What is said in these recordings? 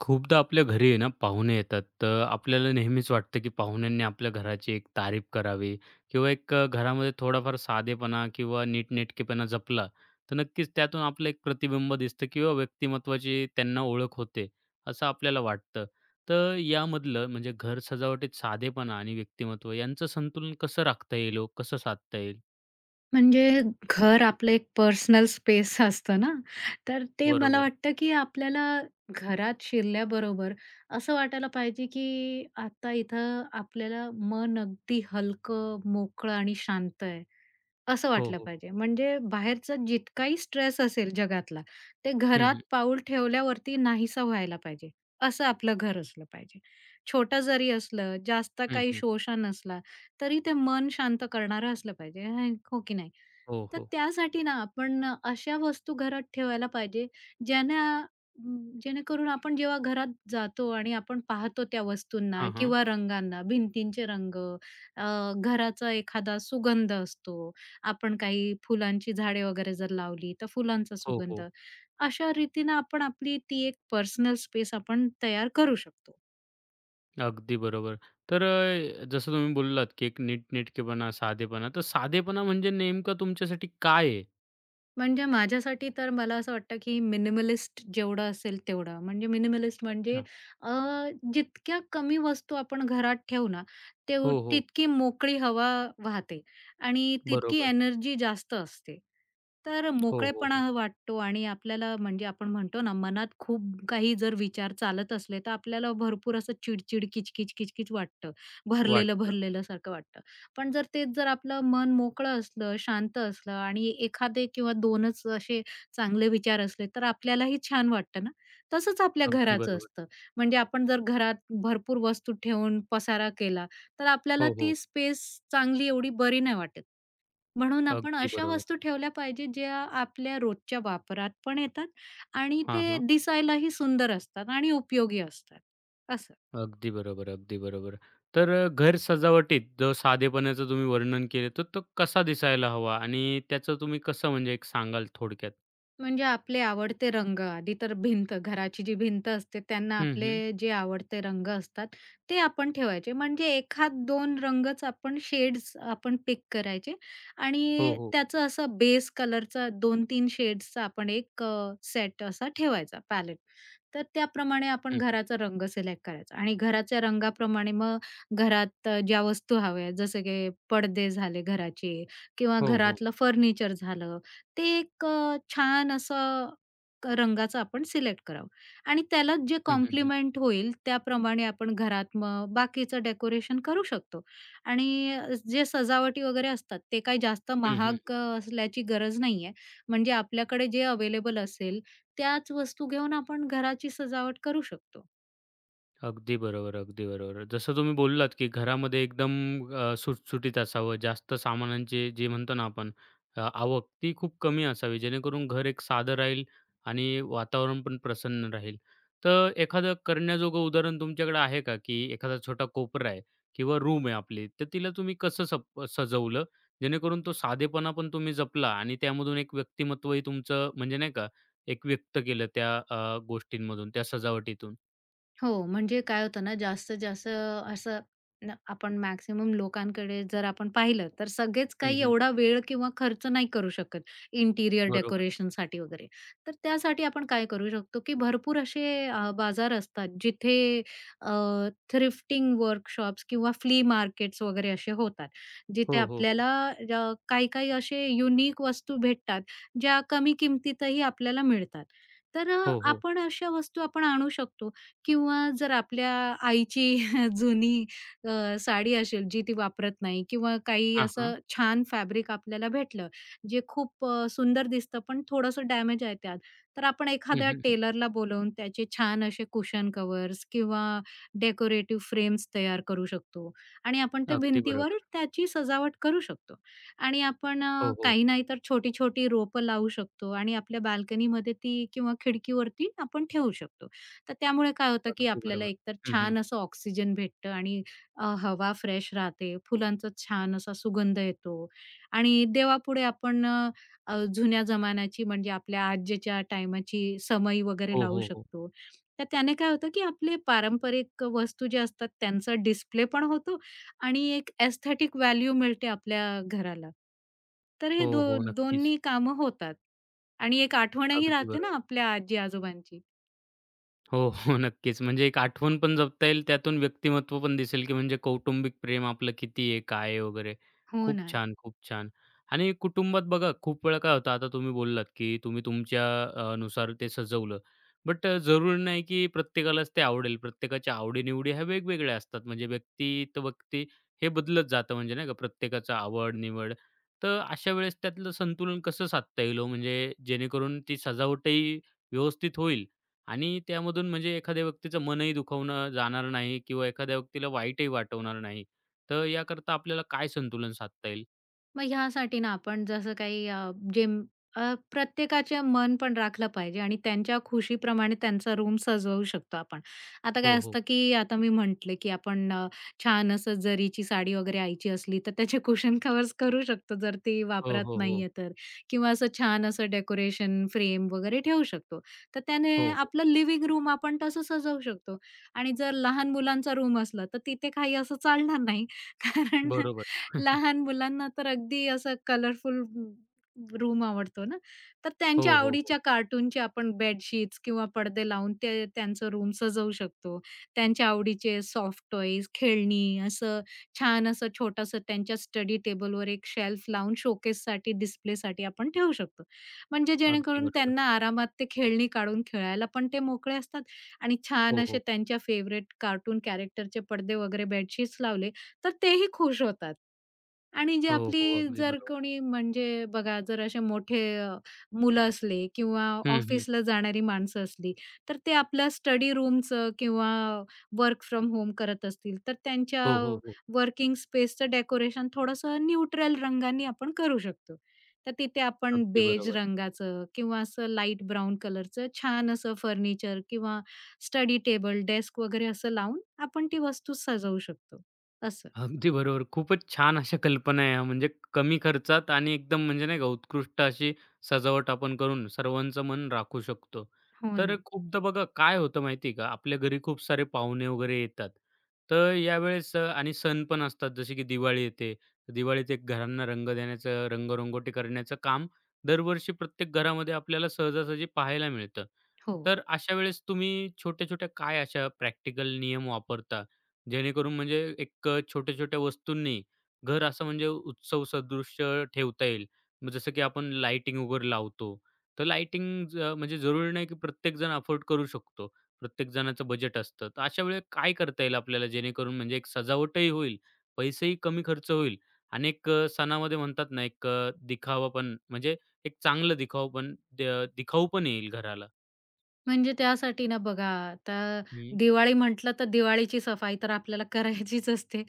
खूपदा आपल्या घरी आहे ना, पाहुणे येतात, तर आपल्याला नेहमीच वाटतं, की पाहुण्यांनी आपल्या घराची एक तारीफ करावी किंवा एक अ, घरामध्ये थोडाफार साधेपणा किंवा नीट-नेटकेपणा जपला, तर नक्कीच त्यातून आपलं एक प्रतिबिंब दिसतं किंवा व्यक्तिमत्त्वाची त्यांना ओळख होते, असं आपल्याला वाटतं. तर यामधलं म्हणजे घर सजावटीत साधेपणा आणि व्यक्तिमत्त्व यांचं संतुलन कसं राखता येईल हो, कसं साधता येईल? म्हणजे घर आपलं एक पर्सनल स्पेस असतं ना, तर ते मला बरोबर. वाटतं, की आपल्याला घरात शिरल्याबरोबर असं वाटायला पाहिजे, की आता इथं आपल्याला मन अगदी हलकं, मोकळं, आणि शांत आहे, असं हो, वाटलं हो. पाहिजे. म्हणजे बाहेरचा जितकाही स्ट्रेस असेल जगातला, ते हं, घरात हं. पाऊल ठेवल्यावरती नाहीसा व्हायला पाहिजे. असं आपलं घर असलं पाहिजे. छोटं जरी असलं, जास्त हं, काही हं. शोशा नसला, तरी ते मन शांत करणारं असलं पाहिजे, [unintelligible] हो की नाही? हो, तर हो. त्यासाठी ना, आपण अ, अशा वस्तू घरात ठेवायला पाहिजे, ज्यानं जेणेकरून आपण जेव्हा घरात जातो आणि आपण पाहतो त्या वस्तूंना हां, हां. किंवा रंगांना, भिंतींचे रंग, अ, घराचा एखादा सुगंध असतो, आपण काही फुलांची झाडे वगैरे जर लावली, तर फुलांचा हो, सुगंध, हो. अशा रीतीनं आपण आपली ती एक पर्सनल स्पेस आपण तयार करू शकतो. अगदी बरोबर. तर अ, जसं तुम्ही बोललात, की एक नीटनेटकेपणा, साधेपणा. तर साधेपणा म्हणजे नेमकं तुमच्यासाठी काय आहे? म्हणजे माझ्यासाठी तर मला असं वाटतं, की मिनिमलिस्ट जेवढं असेल तेवढं. म्हणजे मिनिमलिस्ट म्हणजे अच्छा. अ, जितक्या कमी वस्तू आपण घरात ठेवू ना, ते हो, हो. तितकी मोकळी हवा वाहते आणि तितकी बरोबर. एनर्जी जास्त असते, तर हो, हो, हो. मोकळेपणा वाटतो आणि आपल्याला म्हणजे आपण म्हणतो ना, मनात खूप काही जर विचार चालत असले, तर आपल्याला भरपूर असं चिड-चिड, किच-किच, किच-किच वाटतं, वाटतं. भरलेलं-भरलेलं सारखं वाटतं. पण जर तेच जर आपलं मन मोकळं असलं, शांत असलं आणि एखादे किंवा 2 च असे चांगले विचार असले, तर आपल्यालाही छान वाटतं ना. तसंच आपल्या अगदी घराचं बरोबर. असतं. म्हणजे आपण जर घरात भरपूर वस्तू ठेवून, पसारा केला, तर आपल्याला हो, हो. ती स्पेस चांगली एवढी बरी नाही वाटत. म्हणून आपण अगदी अशा बरोबर. वस्तू ठेवल्या पाहिजेत, ज्या आपल्या रोजच्या वापरात पण येतात आणि हां, ते हां. दिसायलाही सुंदर असतात आणि उपयोगी असतात, असं. अगदी बरोबर, अगदी बरोबर. तर अ, घर सजावटीत जो साधेपणाचं तुम्ही वर्णन केले. तर तो कसा दिसायला हवा आणि त्याचं तुम्ही कसं म्हणजे एक सांगाल थोडक्यात? म्हणजे आपले आवडते रंग, आधी तर भिंत. घराची जी भिंत असते, त्यांना हं, हं. आपले जे आवडते रंग असतात, ते आपण ठेवायचे. म्हणजे एखाद 2 रंगच आपण, शेड्स आपण पिक करायचे हो, आणि हो. त्याचं असं बेस कलरचा 2-3 शेड्सचा आपण एक अ, सेट असा ठेवायचा, पॅलेट. तर त्याप्रमाणे आपण हं, हं. घराचा रंग सिलेक्ट करायचा आणि घराच्या रंगाप्रमाणे मग घरात ज्या वस्तू हव्या आहेत, जसं की पडदे झाले घराचे किंवा हो, हो. घरातलं फर्निचर झालं, ते एक अ, छान असं क रंगाचं आपण सिलेक्ट करावं आणि त्यालाच जे हं, हं, हं. कॉम्प्लिमेंट होईल, त्याप्रमाणे आपण घरात मग बाकीचं डेकोरेशन करू शकतो. आणि अ, जे सजावटी वगैरे असतात, ते काय जास्त हं, हं. महाग अ, असल्याची गरज नाही आहे. म्हणजे आपल्याकडे जे अवेलेबल असेल, त्याच वस्तू घेऊन आपण घराची सजावट करू शकतो. अगदी बरोबर, अगदी बरोबर. जसं तुम्ही बोललात, की घरामध्ये एकदम अ, सुटसुटीत असावं. जास्त सामानांचे जे म्हणतो ना, आपण अ, आवक ती खूप कमी असावी, जेणेकरून घर एक साधं राहील आणि वातावरण पण प्रसन्न राहील. तर एखादं करण्याजोगं उदाहरण तुमच्याकडे आहे का, की एखादा छोटा कोपरा आहे किंवा रूम आहे आपली, तर तिला तुम्ही कसं सप सजवलं, जेणेकरून तो साधेपणा पण तुम्ही जपला आणि त्यामधून एक व्यक्तिमत्त्वही तुमचं, म्हणजे नाही का, एक व्यक्त केलं त्या अ, गोष्टींमधून, त्या सजावटीतून? हो, म्हणजे काय होतं ना, जास्तीत जास्त असं, न अ, आपण मॅक्सिमम लोकांकडे जर आपण पाहिलं, तर सगळेच हं, काही हं. एवढा वेळ किंवा खर्च नाही करू शकत, इंटिरियर बरोबर. डेकोरेशनसाठी वगैरे. तर त्यासाठी आपण काय करू शकतो, की भरपूर असे अ, बाजार असतात, जिथे अ, थ्रिफ्टिंग वर्कशॉप्स किंवा फ्ली मार्केट्स वगैरे असे होतात, हो, जिथे हो, हो. आपल्याला अ, काही-काही असे युनिक वस्तू भेटतात, ज्या कमी किमतीतही आपल्याला मिळतात. तर अ, हो, हो. आपण अशा वस्तू आपण आणू शकतो. किंवा जर आपल्या आईची जुनी अ, साडी असेल, जी ती वापरत नाही किंवा काही हां, हां. असं छान फॅब्रिक आपल्याला भेटलं. जे खूप अ, सुंदर दिसतं, पण थोडंसं डॅमेज आहे त्यात. तर आपण हं, एखाद्या हं, हं. टेलरला बोलावून, त्याचे छान असे कुशन कव्हर्स किंवा डेकोरेटिव फ्रेम्स तयार करू शकतो आणि आपण त्या अगदी भिंतीवर बरोबर. त्याची सजावट करू शकतो. आणि आपण हो, हो. काही नाही तर छोटी-छोटी रोपं लावू शकतो आणि आपल्या बाल्कनीमध्ये ती किंवा खिडकीवरती आपण ठेवू शकतो. तर त्यामुळे काय होतं, की अगदी आपल्याला बरोबर. एकतर हं, हं. छान असं ऑक्सिजन भेटतं आणि अ, हवा फ्रेश राहते, फुलांचं छान असा सुगंध येतो. आणि देवापुढे आपण अ, अ, जुन्या जमान्याची, म्हणजे आपल्या आज्यांच्या टाईमाची समई वगैरे हो, लावू हो, हो. शकतो. तर त्याने काय होतं, की आपले पारंपरिक वस्तू जे असतात त्यांचा डिस्प्ले पण होतो आणि एक एस्थेटिक व्हॅल्यू मिळते आपल्या घराला. तर हे हो, दो हो. नक्कीच. दोन्ही कामं होतात आणि एक आठवणही अगदी राहते बरं. ना, आपल्या आजी-आजोबांची. हो, हो, नक्कीच. म्हणजे एक आठवण पण जपता येईल, त्यातून व्यक्तिमत्व पण दिसेल की म्हणजे कौटुंबिक प्रेम आपलं किती आहे, काय आहे वगैरे. हो खूप ना. छान, खूप छान. आणि कुटुंबात बघा खूप वेळा काय होतं, आता तुम्ही बोललात की तुम्ही तुमच्या अ, नुसार ते सजवलं, बट अ, जरुरी नाही की प्रत्येकालाच ते आवडेल. प्रत्येकाच्या आवडी-निवडी ह्या वेगवेगळ्या असतात. म्हणजे व्यक्ती त व्यक्ती हे बदलत जातं. म्हणजे नाही का प्रत्येकाचा आवड, निवड. तर अशा वेळेस त्यातलं संतुलन कसं साधता येईल ओ, म्हणजे जेणेकरून ती सजावटही व्यवस्थित होईल आणि त्यामधून म्हणजे एखाद्या व्यक्तीचं मनही दुखवणं जाणार नाही किंवा एखाद्या व्यक्तीला वाईटही वाटणार नाही. तर याकरता आपल्याला काय संतुलन साधता येईल? मग ह्यासाठी ना, आपण जसं काही अ, जें अ, प्रत्येकाच्या मन पण राखलं पाहिजे आणि त्यांच्या खुशीप्रमाणे त्यांचा रूम सजवू शकतो आपण. आता काय हो, हो. असतं, की आता मी म्हटले की आपण अ, छान असं जरीची साडी वगैरे आईची असली, तर त्याचे कुशन कव्हर्स करू शकतो जर ती हो, वापरात हो. हो. नाहीये तर. किंवा असं छान असं डेकोरेशन फ्रेम वगैरे ठेवू शकतो. तर त्याने हो, हो. आपलं लिव्हिंग रूम आपण तसं सजवू शकतो. आणि जर लहान मुलांचा रूम असला, तर तिथे काही असं चालणार नाही, कारण बरोबर. लहान मुलांना तर अगदी असं कलरफुल रू रू रूम आवडतो ना, तर त्यांच्या हो, हो, हो. आवडीच्या कार्टूनचे आपण बेडशीट्स किंवा पडदे लावून ते त्यांचं रूम सजवू शकतो. त्यांच्या आवडीचे सॉफ्ट टॉयज, खेळणी, असं, छान असं छोटंसं त्यांच्या स्टडी टेबलवर एक शेल्फ लावून शोकेससाठी, डिस्प्लेसाठी आपण ठेवू शकतो. म्हणजे अगदी जेणेकरून बरोबर. त्यांना आरामात ते खेळणी काढून खेळायला पण ते मोकळे असतात आणि हो, छान असे हो. त्यांच्या फेव्हरेट कार्टून कॅरेक्टरचे पडदे वगैरे बेडशीट्स लावले, तर तेही खुश होतात आणि जे हो हो. आपली अगदी जर बरोबर. कोणी म्हणजे बघा जर असे मोठे अ, मुलं असले किंवा हं, हं. ऑफिसला जाणारी माणसं असली, तर ते आपल्या स्टडी रूमचं किंवा वर्क फ्रॉम होम करत असतील, तर त्यांच्या हो, हो, हो. वर्किंग स्पेसचं डेकोरेशन थोडंसं न्यूट्रल रंगांनी आपण करू शकतो. तर तिथे आपण अगदी बेज बरोबर. रंगाचं किंवा असं लाईट ब्राउन कलरचं छान असं फर्निचर किंवा स्टडी टेबल, डेस्क वगैरे असं लावून आपण ती वस्तू सजवू शकतो असं. अगदी बरोबर. खूपच छान अशा कल्पना आहे, म्हणजे कमी खर्चात आणि एकदम म्हणजे नाही का उत्कृष्ट अशी सजावट आपण करून सर्वांचं मन राखू शकतो. हो तर ना. खूपदा बघा काय होतं माहिती आहे का, आपल्या घरी खूप सारे पाहुणे वगैरे येतात, तर यावेळेस अ, आणि सण पण असतात, जसे की दिवाळी येते. दिवाळीत एक घरांना रंग देण्याचं, रंग-रंगोटी करण्याचं काम दरवर्षी प्रत्येक घरामध्ये आपल्याला सहजासहजी पाहायला मिळतं. हो. तर अशा वेळेस तुम्ही छोट्या-छोट्या काय अशा प्रॅक्टिकल नियम वापरता, जेणेकरून म्हणजे एक छोट्या-छोट्या वस्तूंनी घर असं म्हणजे उत्सव सदृश्य ठेवता येईल. मग जसं की आपण लाइटिंग वगैरे लावतो, तर लाईटिंग ज म्हणजे जरुरी नाही की प्रत्येकजण अफोर्ड करू शकतो. प्रत्येक जणाचं बजेट असतं, तर अशा वेळी काय करता येईल आपल्याला जेणेकरून म्हणजे एक सजावटही होईल, पैसेही कमी खर्च होईल आणि एक अ, सणामध्ये म्हणतात ना, एक अ, दिखाऊपण म्हणजे एक चांगलं दिखावपण अ, दिखाऊपण येईल घराला? म्हणजे त्यासाठी ना, बघा आता हं. दिवाळी म्हटलं, तर दिवाळीची सफाई तर आपल्याला करायचीच असते.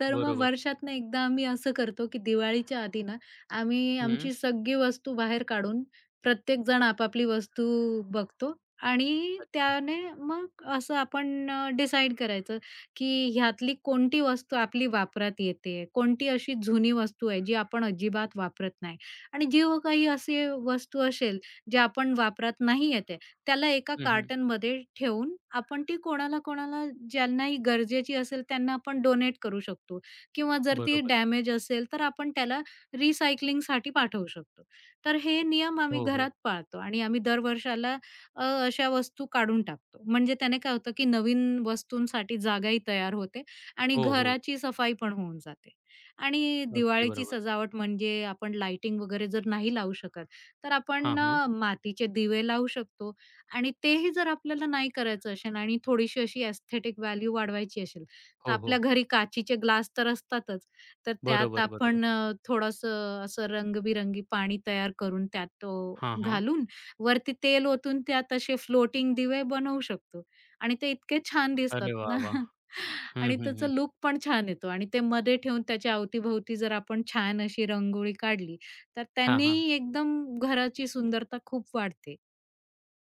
तर मग बरोबर. वर्षातनं एकदा आम्ही असं करतो, की दिवाळीच्या आधी ना, आम्ही हं. आमची सगळी वस्तू बाहेर काढून प्रत्येकजण आपापली वस्तू बघतो आणि अच्छा. त्याने मग असं आपण अ, डिसाईड करायचं, की ह्यातली कोणती वस्तू आपली वापरात येते, कोणती अशी जुनी वस्तू आहे, जी आपण अजिबात वापरत नाही आणि जी काही असे वस्तू असेल, जे आपण वापरात नाही येते, त्याला एका हं, हं. कार्टनमध्ये ठेऊन आपण ती कोणाला-कोणाला ज्यांनाही गरजेची असेल, त्यांना आपण डोनेट करू शकतो किंवा जर ती बरोबर. डॅमेज असेल, तर आपण त्याला रिसायकलिंगसाठी पाठवू शकतो. तर हे नियम आम्ही हो, हो. घरात पाळतो आणि आम्ही दर वर्षाला अ, अशा वस्तू काढून टाकतो, म्हणजे त्याने काय होतं, की नवीन वस्तूंसाठी जागाही तयार होते आणि हो, हो. घराची सफाई पण होऊन जाते. आणि अगदी दिवाळीची बरोबर. सजावट म्हणजे आपण लाइटिंग वगैरे जर नाही लावू शकत, तर हां, आपण हां. अ, मातीचे दिवे लावू शकतो आणि तेही जर आपल्याला नाही करायचं असेल आणि थोडीशी अशी एस्थेटिक व्हॅल्यू वाढवायची असेल, तर हो, आपल्या हो. घरी काचेचे ग्लास तर असतातच, तर त्यात बरोबर, बरोबर. आपण अ, थोडंसं असं रंगबिरंगी पाणी तयार करून, त्यात तो हां, हां. घालून, वरती तेल ओतून, त्यात असे फ्लोटिंग दिवे बनवू शकतो आणि ते इतके छान दिसतात अरे वाह! ना वाह! हं, आणि हं, त्याचा हं. लूक पण छान येतो आणि ते मध्ये ठेवून त्याच्या अवती-भवती जर आपण छान अशी रांगोळी काढली, तर हां, हां. त्यांनीही एकदम घराची सुंदरता खूप वाढते.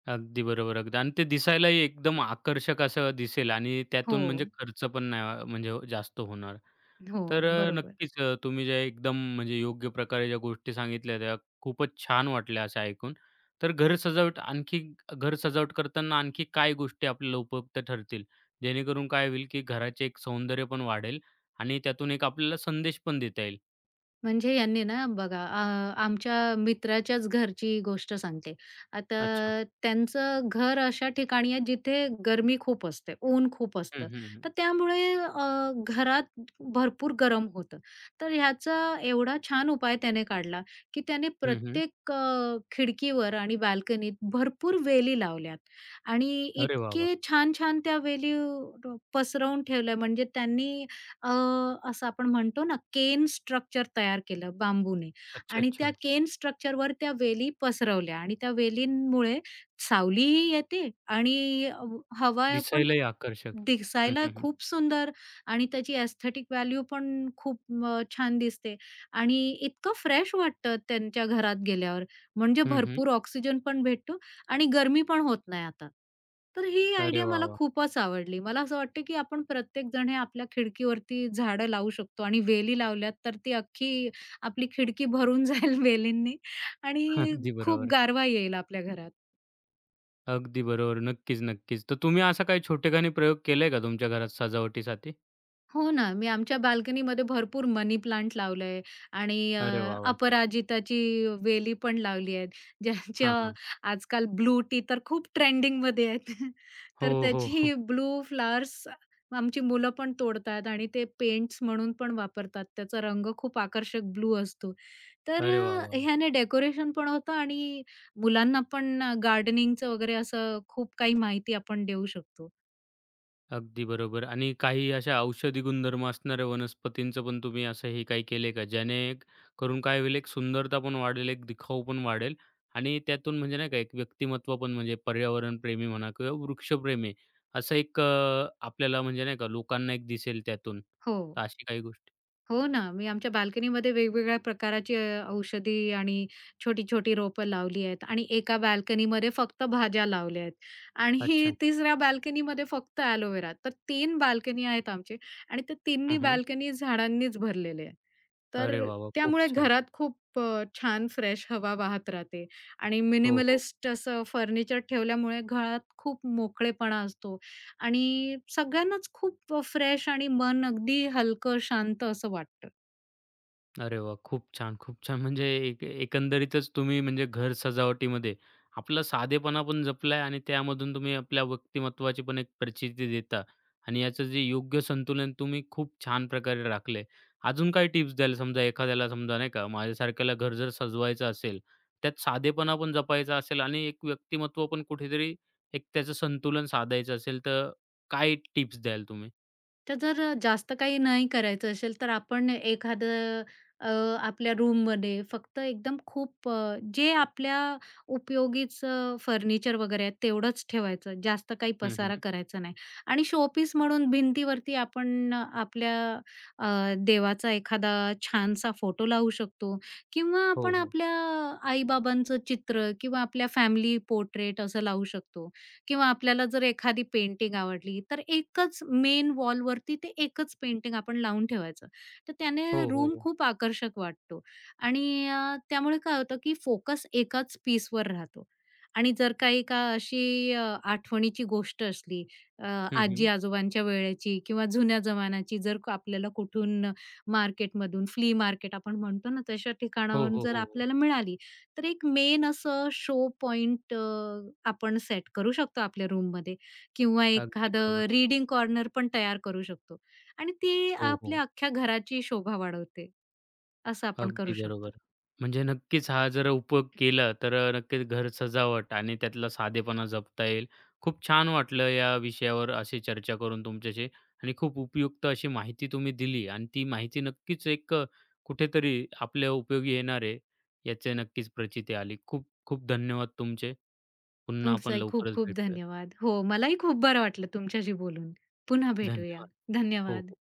अगदी बरोबर, अगदी आणि ते दिसायलाही एकदम आकर्षक असं दिसेल आणि त्यातून म्हणजे हो. खर्च पण नाही म्हणजे जास्त होणार. तर हो, अ, बरोबर. नक्कीच, तुम्ही जे एकदम म्हणजे योग्य प्रकारे ज्या गोष्टी सांगितल्या, त्या खूपच छान वाटल्या असं ऐकून. तर घर सजावट आणखी घर सजावट करताना आणखी काही गोष्टी आपल्याला उपयुक्त ठरतील, जेणेकरून काय होईल, की घराचे एक सौंदर्य पण वाढेल आणि त्यातून एक आपल्याला संदेश पण देता येईल? म्हणजे यांनी ना, बघा आ आमच्या मित्राच्याच घरची गोष्ट सांगते. अच्छा. आता त्यांचं घर अशा ठिकाणी आहे, जिथे गरमी खूप असते, ऊन खूप हं, असतं. हं, हं. तर त्यामुळे अ, घरात भरपूर गरम होतं. तर ह्याचा एवढा छान उपाय त्याने काढला, की त्याने हं, हं. प्रत्येक अ, खिडकीवर आणि बाल्कनीत भरपूर वेली लावल्यात आणि अरे वाह, वाह! इतके छान-छान त्या वेली ड्रोप पसरवून ठेवल्या, म्हणजे त्यांनी अ, असं आपण म्हणतो ना, केन स्ट्रक्चर तयार केलं बांबूने अच्छा, आणि त्या अच्छा. केन स्ट्रक्चरवर त्या वेली पसरवल्या आणि त्या वेलींमुळे सावलीही येते आणि अ, हवा पण दिसायलाही आकर्षक. हं, दिसायला हं, हं. खूप सुंदर आणि त्याची एस्थेटिक व्हॅल्यू पण खूप अ, छान दिसते आणि इतकं फ्रेश वाटतं त्यांच्या घरात गेल्यावर, म्हणजे हं, हं. भरपूर ऑक्सिजन पण भेटतो आणि गरमी पण होत नाही आता. तर ही अरे आयडिया वाह, मला वाह! खूपच आवडली. मला असं वाटतं, की आपण प्रत्येक जण हे आपल्या खिडकीवरती झाडं लावू शकतो आणि वेली लावल्यात, तर ती अख्खी आपली खिडकी भरून जाईल वेलींनी. आणि अगदी खूप बरोबर. गारवा येईल आपल्या घरात. अगदी बरोबर. नक्कीच-नक्कीच. तर तुम्ही असा काही छोटेखानी प्रयोग केलंय का तुमच्या घरात सजावटीसाठी? हो ना. मी आमच्या बाल्कनीमध्ये भरपूर मनी प्लांट लावलं आहे आणि अ, अरे वाह, वाह! अपराजिताची वेली पण लावली आहेत. ज्यांच्या हां, हां. आजकाल ब्लू टी तर खूप ट्रेंडिंगमध्ये आहेत. हो, तर हो, हो. त्याची ब्लू फ्लॉवर्स आमची मुलं पण तोडतात आणि ते पेंट्स म्हणून पण वापरतात. त्याचा रंग खूप आकर्षक ब्लू असतो. तर अरे वाह, वाह, अ, वाह! ह्याने डेकोरेशन पण अ, होतं आणि मुलांना पण गार्डनिंगचं वगैरे असं खूप काही माहिती आपण देऊ शकतो. अगदी बरोबर. आणि काही अशा औषधी गुणधर्म असणाऱ्या वनस्पतींचं पण तुम्ही असं हे काही केलेय का, ज्याने करून काय होईल एक सुंदरता पण वाढेल, एक दिखाऊ पण वाढेल. आणि त्यातून म्हणजे नाही का एक व्यक्तिमत्त्व पण म्हणजे पर्यावरणप्रेमी म्हणा किंवा वृक्षप्रेमी असं एक अ, आपल्याला म्हणजे नाही का, लोकांना एक दिसेल त्यातून, तर हो. अशी काही गोष्टी? हो ना. मी आमच्या बाल्कनीमध्ये वेगवेगळ्या प्रकाराची अ, औषधी आणि छोटी-छोटी रोपं लावली आहेत आणि 1 बाल्कनीमध्ये फक्त भाज्या लावल्या आहेत आणि अच्छा. तिसऱ्या बाल्कनीमध्ये फक्त एलोवेरा, तर 3 बाल्कनी आहेत आमचे आणि त्या तिन्ही हं, हं. बाल्कनी झाडांनीच भरलेले आहेत. अरे, तर वाह, वाह! खूप त्यामुळे छान. घरात खूप अ, छान फ्रेश हवा वाहत राहते. आणि हो, हो. मिनिमलिस्ट असं फर्निचर ठेवल्यामुळे घरात खूप मोकळेपणा असतो आणि सगळ्यांनाच खूप फ्रेश आणि मन अगदी हलकं, शांत असं वाटतं. अरे वाह! खूप छान, खूप छान! म्हणजे एक एक एकंदरीतच तुम्ही म्हणजे घर सजावटीमध्ये आपला साधेपणा पण जपला आहे आणि त्यामधून तुम्ही आपल्या व्यक्तिमत्त्वाची पण एक प्रचिती देता आणि याचं जे योग्य संतुलन तुम्ही खूप छान प्रकारे राखलं आहे. अजून काही टिप्स द्याल? समजा एखाद्याला, समजा नाही का, माझ्यासारख्याला घर जर सजवायचं असेल, त्यात साधेपणा पण जपायचा असेल आणि एक व्यक्तिमत्त्व पण कुठेतरी एक त्याचं संतुलन साधायचं असेल, तर काय टिप्स द्याल तुम्ही? तर जर अ, जास्त काही नाही करायचं असेल, तर आपण एखादं अ, आपल्या रूममध्ये फक्त एकदम खूप अ, जे आपल्या उपयोगीचं फर्निचर वगैरे आहे, तेवढंच ठेवायचं, जास्त काही हं, हं, पसारा हं. करायचा नाही आणि शोपीस म्हणून भिंतीवरती आपण अ, आपल्या अ, देवाचा एखादा छानसा फोटो लावू शकतो किंवा हो, आपण हो. आपल्या आई-बाबांचं चित्र किंवा आपल्या फॅमिली पोर्ट्रेट असं लावू शकतो किंवा आपल्याला जर एखादी पेंटिंग आवडली, तर एकच मेन वॉलवरती ते एकच पेंटिंग आपण लावून ठेवायचं. तर त्याने हो, हो, रूम हो. खूप आकर्षक वाटतो आणि अ, त्यामुळे काय होतं की फोकस एकाच पीसवर राहतो. आणि जर का एका अशी अ, आठवणीची गोष्ट असली, अ, हं, हं. आजी-आजोबांच्या वेळेची किंवा जुन्या जमान्याची, जर आपल्याला कुठून मार्केटमधून, फ्ली मार्केट आपण म्हणतो ना, तशा हो, ठिकाणावरून हो, जर हो, हो. आपल्याला मिळाली, तर एक मेन असं शो पॉइंट अ, आपण सेट करू शकतो आपल्या रूममध्ये किंवा अगदी बरोबर. एखादं रीडिंग कॉर्नर पण तयार करू शकतो आणि ती हो, हो. आपल्या अख्ख्या घराची शोभा वाढवते. असं आपण अगदी करू बरोबर शकतो. म्हणजे नक्कीच हा जर उपयोग केला, तर अ, नक्कीच घर सजावट आणि त्यातला साधेपणा जपता येईल. खूप छान वाटलं या विषयावर अशी चर्चा करून तुमच्याशी आणि खूप उपयुक्त अशी माहिती तुम्ही दिली आणि ती माहिती नक्कीच एक अ, कुठेतरी आपल्या उपयोगी येणार आहे, याची नक्कीच प्रचिती आली. खूप खूप धन्यवाद तुमचे. पुन्हा आपण तुमचंही खूप लवकरच खूप भेटूयात. धन्यवाद. हो, मलाही खूप बरं वाटलं तुमच्याशी बोलून. पुन्हा भेटूया. धन्यवाद. हो, धन्यवाद. हो.